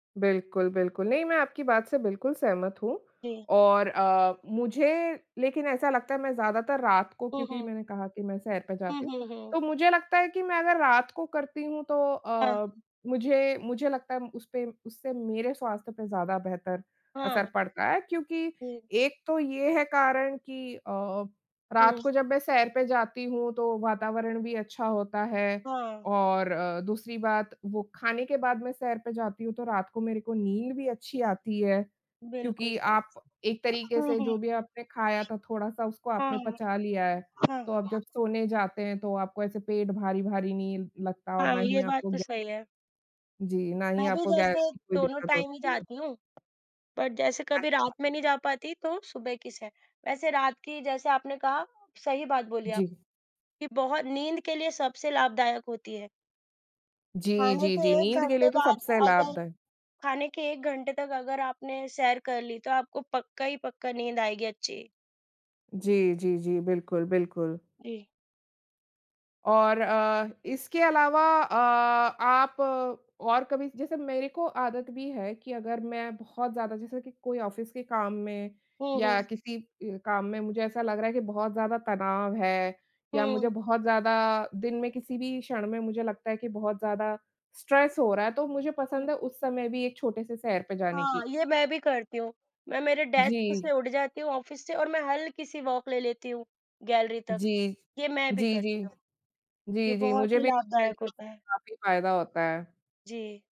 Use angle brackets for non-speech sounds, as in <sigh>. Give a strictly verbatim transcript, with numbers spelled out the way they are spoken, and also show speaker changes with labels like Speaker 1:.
Speaker 1: बिल्कुल, बिल्कुल। नहीं, मैं आपकी बात से बिल्कुल सहमत हूँ
Speaker 2: जी।
Speaker 1: और अ, मुझे लेकिन ऐसा लगता है मैं ज़्यादातर रात को
Speaker 2: हुँ,
Speaker 1: क्योंकि
Speaker 2: हुँ।
Speaker 1: मैंने कहा कि मैं सैर पे
Speaker 2: हुँ,
Speaker 1: जाती हूँ।
Speaker 2: हुँ, हुँ।
Speaker 1: तो मुझे लगता है कि मैं अगर रात को करती हूँ तो
Speaker 2: हाँ,
Speaker 1: अ,
Speaker 2: हाँ।
Speaker 1: मुझे मुझे लगता है उसपे उससे मेरे स्वास्थ्य पे ज़्यादा बेहतर असर
Speaker 2: हाँ।
Speaker 1: पड़ता है क्योंकि
Speaker 2: हुँ।
Speaker 1: एक तो ये है कारण कि अ, रात
Speaker 2: हुँ।
Speaker 1: को जब मैं सैर पे जाती हूँ तो वातावरण भी अच्छा होता है
Speaker 2: हाँ।
Speaker 1: और अ, दूसरी बात वो खाने के बाद मैं सैर पे जाती हूँ तो रात को मेरे को नींद भी अच्छी आती है।
Speaker 2: बिल्कुल
Speaker 1: क्योंकि
Speaker 2: सही।
Speaker 1: आप एक तरीक़े
Speaker 2: हुँ,
Speaker 1: से
Speaker 2: हुँ।
Speaker 1: जो भी आपने खाया था थोड़ा-सा, उसको आपने
Speaker 2: हुँ।
Speaker 1: पचा लिया है।
Speaker 2: <unintelligible> हुँ,
Speaker 1: तो
Speaker 2: हुँ।
Speaker 1: आप जब सोने जाते हैं तो आपको ऐसे पेट भारी-भारी नहीं लगता और
Speaker 2: हाँ,
Speaker 1: ना
Speaker 2: ये
Speaker 1: ही
Speaker 2: बात
Speaker 1: आपको
Speaker 2: तो
Speaker 1: गै
Speaker 2: सही है।
Speaker 1: जी। ना
Speaker 2: मैं
Speaker 1: ही
Speaker 2: भी
Speaker 1: आपको
Speaker 2: जैसे
Speaker 1: गैस की कोई
Speaker 2: दोनों
Speaker 1: दिक़्क़त
Speaker 2: टाइम ही
Speaker 1: होती है।
Speaker 2: जाती हूँ बट जैसे कभी रात
Speaker 1: अच्छा।
Speaker 2: में नहीं जा पाती तो सुबह की सैर। वैसे रात की जैसे आपने कहा, सही बात बोली
Speaker 1: जी।
Speaker 2: आपने कि बहुत नींद के लिए सबसे लाभदायक होती है।
Speaker 1: जी,
Speaker 2: खाने
Speaker 1: जी,
Speaker 2: के
Speaker 1: जी।
Speaker 2: एक
Speaker 1: नींद के
Speaker 2: घंटे
Speaker 1: लिए तो
Speaker 2: बाद
Speaker 1: सबसे
Speaker 2: अगर
Speaker 1: लाभदाय
Speaker 2: खाने के एक घंटे तक अगर आपने सैर कर ली तो आपको पक्का ही पक्का नींद आएगी अच्छी।
Speaker 1: जी, जी, जी। बिल्कुल, बिल्कुल।
Speaker 2: जी।
Speaker 1: और अ, इसके अलावा अ, आप और कभी जैसे मेरे को आदत भी है कि अगर मैं बहुत ज़्यादा जैसे कि कोई ऑफ़िस के काम में
Speaker 2: हुँ,
Speaker 1: या
Speaker 2: हुँ।
Speaker 1: किसी अ, काम में मुझे ऐसा लग रहा है कि बहुत ज़्यादा तनाव है या मुझे
Speaker 2: हुँ।
Speaker 1: बहुत ज़्यादा दिन में किसी भी क्षण में मुझे लगता है कि बहुत ज़्यादा स्ट्रेस हो रहा है, तो मुझे
Speaker 2: हुँ।
Speaker 1: पसंद है उस समय भी एक छोटे-से सैर पे जाने
Speaker 2: हाँ,
Speaker 1: की।
Speaker 2: ये मैं भी करती हूँ। मैं मेरे डेस्क
Speaker 1: जी।
Speaker 2: से उठ जाती हूँ ऑफ़िस से और मैं हलकी-सी वॉक ले लेती हूँ, गैलरी तक।
Speaker 1: जी।
Speaker 2: ये मैं भी
Speaker 1: जी,
Speaker 2: करती
Speaker 1: जी।
Speaker 2: हूँ। ये
Speaker 1: जी, जी
Speaker 2: बहुत
Speaker 1: मुझे
Speaker 2: ही
Speaker 1: भी लगता है
Speaker 2: लाभदायक
Speaker 1: कि
Speaker 2: होता है।
Speaker 1: उससे काफ़ी फ़ायदा होता है।
Speaker 2: जी।